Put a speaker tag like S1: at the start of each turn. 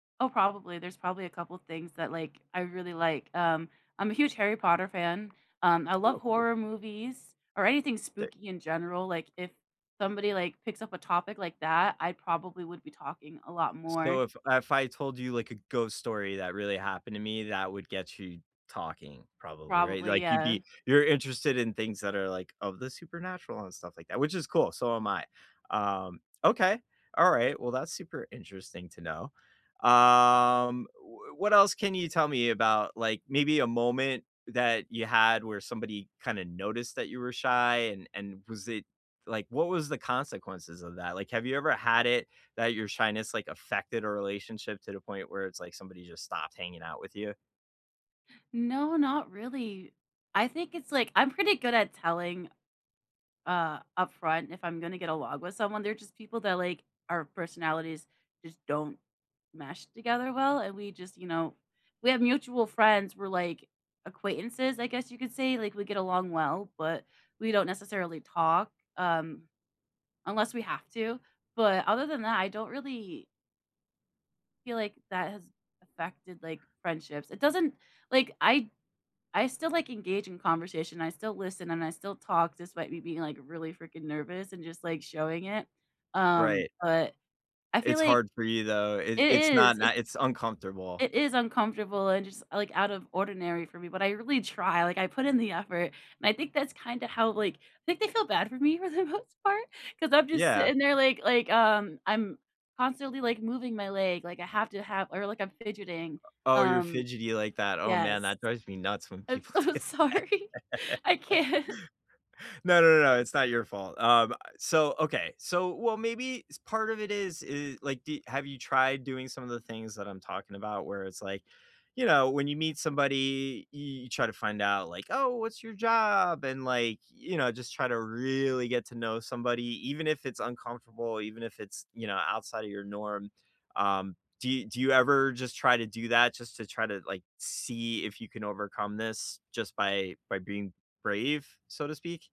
S1: Oh, probably, there's probably a couple of things that, like, I really like. Um, I'm a huge Harry Potter fan, um, I love
S2: Oh, cool.
S1: horror movies or anything
S2: Same.
S1: spooky in general, like, if somebody, like, picks up a topic like that, I probably would be talking a lot
S2: So,
S1: more.
S2: if if I told you, like, a ghost story that really happened to me, that would get you talking probably, right?
S1: Probably,
S2: Like, you'd
S1: yeah.
S2: be you're interested in things that are, like, of the supernatural and stuff like that, which is cool, so am I. Um, okay, alright. Well, that's super interesting to know. Um, w what else can you tell me about, like, maybe a moment that you had where somebody kinda noticed that you were shy, and and was it like, what was the consequences of that? Like, have you ever had it that your shyness, like, affected a relationship to the point where it's like somebody just stopped hanging out with you?
S1: No, not really. I think it's, like I'm pretty good at telling, uh, upfront if I'm gonna get along with someone, they're just people that, like our personalities just don't mesh together well, and we just you know, we have mutual friends, we're, like, acquaintances, I guess you could say, like we get along well, but we don't necessarily talk, um, unless we have to, but other than that, I don't really feel like that has affected, like, friendships, it doesn't like, I I still, like, engage in conversation, I still listen, and I still talk despite me being, like, really freaking nervous and just, like, showing it, um,
S2: Right.
S1: but I feel
S2: It's
S1: like
S2: hard for you, though. It
S1: It
S2: it's not
S1: is, it's
S2: not it's uncomfortable.
S1: it is uncomfortable and just, like, out of ordinary for me, but I really try, like I put in the effort, and I think that's kinda how, like I think they feel bad for me for the most part 'cause I'm just
S2: Yeah.
S1: sitting there, like like, um, I'm constantly, like, moving my leg, like, I have to have or, like, I'm fidgeting,
S2: O oh, you're
S1: um
S2: fidgety like that. Oh, man,
S1: Yes.
S2: that drives me nuts when
S1: I'm
S2: people
S1: so
S2: do that.
S1: sorry. I can't.
S2: No, no, no, no, it's not your fault. Um, uh, so, okay so, well, maybe s part of it is i like, d have you tried doing some of the things that I'm talking about where it's like, you know, when you meet somebody, y you try to find out like, "Oh, what's your job?" And, like, you know, just try to really get to know somebody even if it's uncomfortable, even if it's, you know, outside of your norm. Um, do you do you ever just try to do that just to try to, like, see if you can overcome this just by by being brave, so to speak?